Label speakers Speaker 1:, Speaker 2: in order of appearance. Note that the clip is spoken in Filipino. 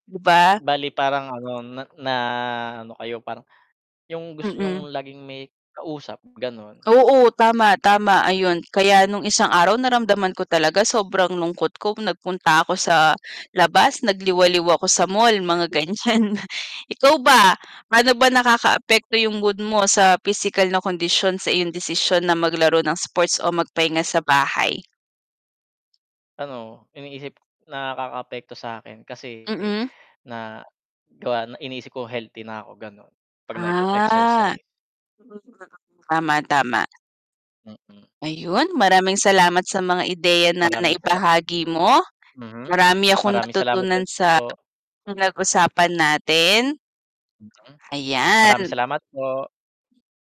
Speaker 1: Diba?
Speaker 2: Bale parang ano na na ano kayo, parang, yung gusto
Speaker 1: Mm.
Speaker 2: niyong laging may kausap ganun.
Speaker 1: Oo tama, tama ayun kaya nung isang araw naramdaman ko talaga sobrang lungkot ko, nagpunta ako sa labas, nagliwaliw ako sa mall mga ganyan. Ikaw ba? Paano ba nakaka-apekto yung mood mo sa pisikal na kondisyon sa iyong desisyon na maglaro ng sports o magpahinga sa bahay?
Speaker 2: Ano, iniisip nakaka-apekto sakin kasi,
Speaker 1: Mm.
Speaker 2: na gawa na iniisip ko healthy na ako ganon. 'Pag
Speaker 1: Ah.
Speaker 2: nag-exercise.
Speaker 1: Oo nga. Tama-tama.
Speaker 2: Mm.
Speaker 1: Ayun, maraming salamat sa mga ideya na
Speaker 2: Maraming sala
Speaker 1: nai-bahagi mo,
Speaker 2: hmm.
Speaker 1: marami akong
Speaker 2: Maraming salamat din
Speaker 1: natutunan sa
Speaker 2: po.
Speaker 1: pinag-usapan natin.
Speaker 2: Hmm. Maraming
Speaker 1: Ayan.
Speaker 2: salamat po.